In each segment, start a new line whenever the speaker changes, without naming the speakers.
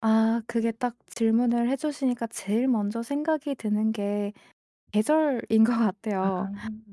아 그게 딱 질문을 해 주시니까 제일 먼저 생각이 드는 게 계절인 것 같아요.
아.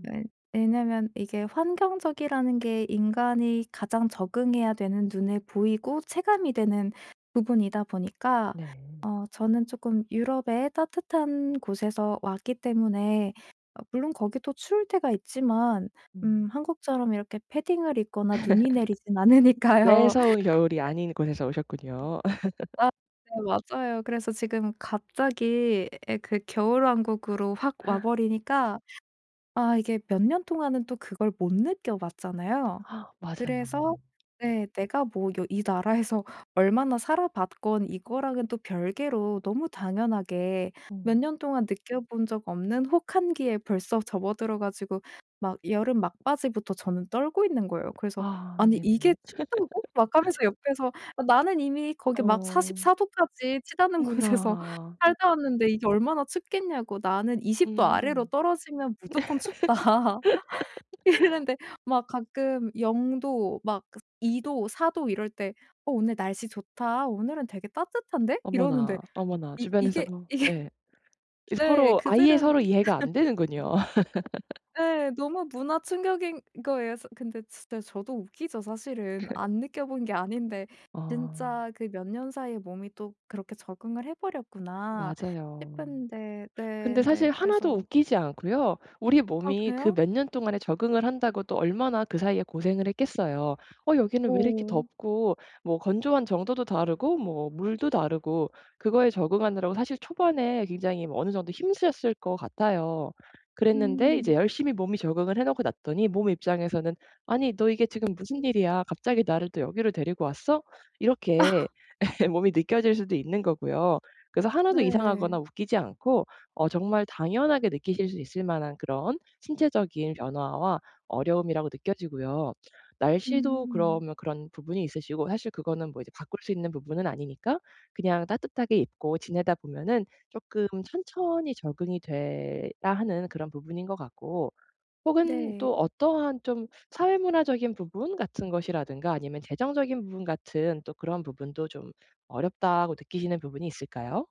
왜 왜냐면 이게 환경적이라는 게 인간이 가장 적응해야 되는 눈에 보이고 체감이 되는 부분이다 보니까
네.
어 저는 쪼끔 유럽의 따뜻한 곳에서 왔기 때문에 어 물론 거기도 추울 때가 있지만
음.
음 한국처럼 이렇게 패딩을 입거나 눈이 내리진 않으니까요.
매서운 겨울이 아닌 곳에서 오셨군요.
와 네. 맞아요. 그래서 지금 갑자기 예 그 겨울왕국으로 확 와 버리니까 아 이게 몇 년 동안은 또 그걸 못 느껴 봤잖아요.
아 맞아요.
그래서 예 내가 뭐 여 이 나라에서 얼마나 살아봤건 이거랑은 또 별개로 너무 당연하게 몇
음.
년 동안 느껴본 적 없는 혹한기에 벌써 접어들어 가지고 막 여름 막바지부터 저는 떨고 있는 거예요. 그래서
아
"아니
네네.
이게 춥다고?" 막 하면서 옆에서 "아 나는 이미 거기 막
어.
44 도까지 치닫는 곳에서
어머나.
살다 왔는데 이게 얼마나 춥겠냐고 나는 20 도 아래로
음.
떨어지면 무조건 춥다." 이랬는데 막 가끔 0 도 막 그 2 도, 4 도 이럴 때 "어 오늘 날씨 좋다 오늘은 되게 따뜻한데?" 이러는데
어머나, 어머나.
이 이게
주변에서도
이게
예. 이
네
서로 아예 서로
그들은
이해가 안 되는군요.
예. 너무 문화 충격인 거예요. 사 근데 진짜 저도 웃기죠 사실은. 안 느껴 본 게 아닌데
아.
진짜 그 몇 년 사이에 몸이 또 그렇게 적응을 해 버렸구나
맞아요.
싶은데 네
근데
근데
사실 하나도
그래서
웃기지 않고요. 우리
아
몸이 그
그래요?
몇 년 동안에 적응을 한다고 또 얼마나 그 사이에 고생을 했겠어요. 어 여기는 왜 이렇게
오.
덥고 뭐 건조한 정도도 다르고 뭐 물도 다르고 그거에 적응하느라고 사실 초반에 굉장히 뭐 어느 정도 힘쓰셨을 것 같아요. 그랬는데 이제
음.
열심히 몸이 적응을 해 놓고 났더니 몸의 입장에서는 '아니 너 이게 지금 무슨 일이야 갑자기 나를 또 여기로 데리고 왔어?' 이렇게 몸이 느껴질 수도 있는 거고요. 그래서 하나도
네.
이상하거나 웃기지 않고 어 정말 당연하게 느끼실 수 있을 만한 그런 신체적인 변화와 어려움이라고 느껴지고요. 날씨도
음.
그러면 그런 부분이 있으시고 사실 그거는 뭐 이제 바꿀 수 있는 부분은 아니니까 그냥 따뜻하게 입고 지내다 보면은 쪼끔 천천히 적응이 돼야 하는 그런 부분인 거 같고. 혹은
네.
또 어떠한 좀 사회문화적인 부분 같은 것이라든가 아니면 재정적인 부분 같은 또 그런 부분도 좀 어렵다고 느끼시는 부분이 있을까요?